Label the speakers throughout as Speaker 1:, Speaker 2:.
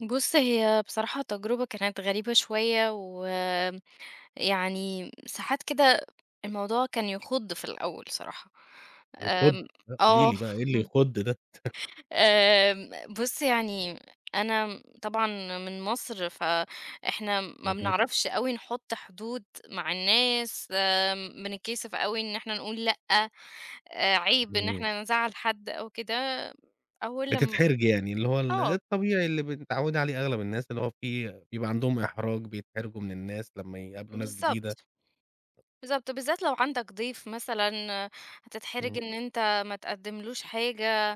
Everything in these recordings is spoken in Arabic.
Speaker 1: بُص هي بصراحة تجربة كانت غريبة شوية، ويعني ساعات كده الموضوع كان يخُض في الأول صراحة،
Speaker 2: يخُض،
Speaker 1: آمم،
Speaker 2: لأ قولي
Speaker 1: آه.
Speaker 2: لي بقى، إيه اللي يخُض ده؟
Speaker 1: آمم، بُص يعني، أنا طبعًا من مصر فإحنا ما
Speaker 2: اهم.
Speaker 1: بنعرفش أوي نحط حدود مع الناس، بنتكسف أوي إن إحنا نقول لأ، آآ، عيب إن
Speaker 2: اهم.
Speaker 1: إحنا نزعّل حد أو كده، أول لم
Speaker 2: بتتحرجي يعني، اللي هو ال
Speaker 1: آه.
Speaker 2: الطبيعي اللي ب متعوِّدة عليه أغلب الناس، اللي هو في بيبقى عندهم إحراج، بيتحرجوا من الناس لمّا يقابلوا ناس جديدة.
Speaker 1: بالضبط، بالضبط، وبالذات لو عندك ضيف مثلًا، هتتحرج
Speaker 2: امم.
Speaker 1: إن أنت ما تقدّملوش حاجة.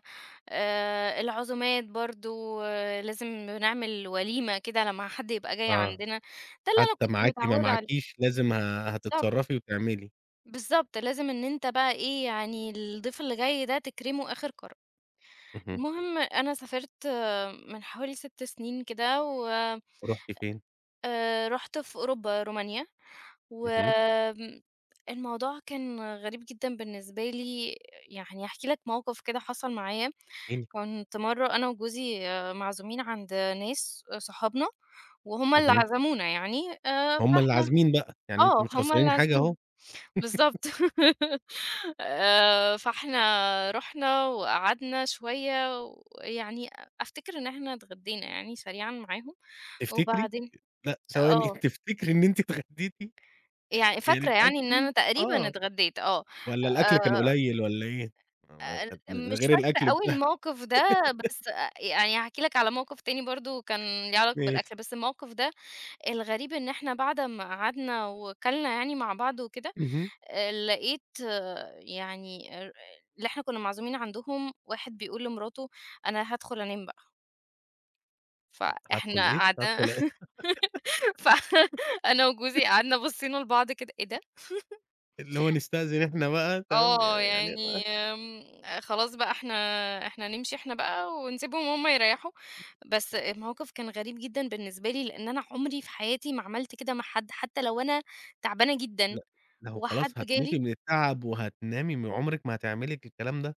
Speaker 1: آآ، العزومات برضه، لازم نعمل وليمة كده لمّا حد يبقى جاي
Speaker 2: آه،
Speaker 1: عندنا، ده اللي أنا
Speaker 2: حتّى
Speaker 1: كنت
Speaker 2: معاكِ ما
Speaker 1: متعودة عليه.
Speaker 2: معاكيش، لازم ه
Speaker 1: بالضبط.
Speaker 2: هتتصرّفي وتعملي.
Speaker 1: بالضبط لازم إن أنت بقى إيه، يعني الضيف اللي جاي ده تكرمه آخر كرم.
Speaker 2: اهم.
Speaker 1: المهم أنا سافرت من حوالي 6 سنين كده، و
Speaker 2: رُحتِ فين؟
Speaker 1: آآ رُحت في أوروبا، رومانيا،
Speaker 2: اهم.
Speaker 1: والموضوع كان غريب جدًا بالنسبة لي، يعني هاحكي لك موقف كده حصل معايا.
Speaker 2: احكي لي.
Speaker 1: كنت مَرّة أنا وجوزي معزومين عند ناس، آآ صحابنا، وهُم اللي
Speaker 2: اهم.
Speaker 1: عزمونا يعني، آآ
Speaker 2: هُم اللي
Speaker 1: فإحنا
Speaker 2: عازمين بقى، يعني أنتم
Speaker 1: آه
Speaker 2: مش
Speaker 1: هُم اللي
Speaker 2: خسرانين حاجة أهو.
Speaker 1: عازمين، بالضبط. آآ، فإحنا رُحنا وقعدنا شوية، ويعني أفتكر إن إحنا اتغدّينا يعني سريعًا معاهم،
Speaker 2: تفتكري!
Speaker 1: وبعدين
Speaker 2: لأ، ثواني،
Speaker 1: آه.
Speaker 2: تفتكري إن أنتِ إتغَدّيتِ؟
Speaker 1: يعني
Speaker 2: يعني
Speaker 1: فاكرة يعني إن أنا
Speaker 2: [unintelligible]
Speaker 1: تقريبًا
Speaker 2: آه،
Speaker 1: اتغدّيت، آه،
Speaker 2: والّا الأكل كان
Speaker 1: آآ
Speaker 2: قليّل والّا إيه؟ م ما
Speaker 1: أ ال
Speaker 2: كانت من
Speaker 1: مش
Speaker 2: غير
Speaker 1: فاكرة
Speaker 2: الأكل بت
Speaker 1: أوي الموقف ده، بس أ يعني هاحكي لك على موقف تاني برضه كان ليه علاقة
Speaker 2: ماشي.
Speaker 1: بالأكل، بس الموقف ده، الغريب إن إحنا بعد أمّا قعدنا وكَلنا يعني مع بعض وكده،
Speaker 2: اهم.
Speaker 1: آآ، لقيت يعني االر اللي إحنا كُنا معزومين عندهم، واحد بيقول لمراته: "أنا هادخل أنام بقى."
Speaker 2: ه هادخل
Speaker 1: فإحنا
Speaker 2: إيه؟
Speaker 1: قعدنا
Speaker 2: هادخل أ
Speaker 1: ف أنا وجوزي قعدنا بصّينا البعض كده، إيه ده؟!
Speaker 2: اللي هو نستأذن إحنا بقى، تمام ي
Speaker 1: آه
Speaker 2: يعني أ
Speaker 1: يعني، آمم، خلاص بقى إحنا إحنا نمشي إحنا بقى ونسيبهم هُم يرَيّحوا. بس الموقف كان غريب جدًا بالنسبة لي، لإن أنا عمري في حياتي ما عملت كده مع حد، حتّى لو أنا تعبانة جدًا
Speaker 2: لأ، لو
Speaker 1: وحد
Speaker 2: خلاص هتموتي
Speaker 1: جالي
Speaker 2: من التعب وهتنامي م عمرِك ما هتعملي ك الكلام ده.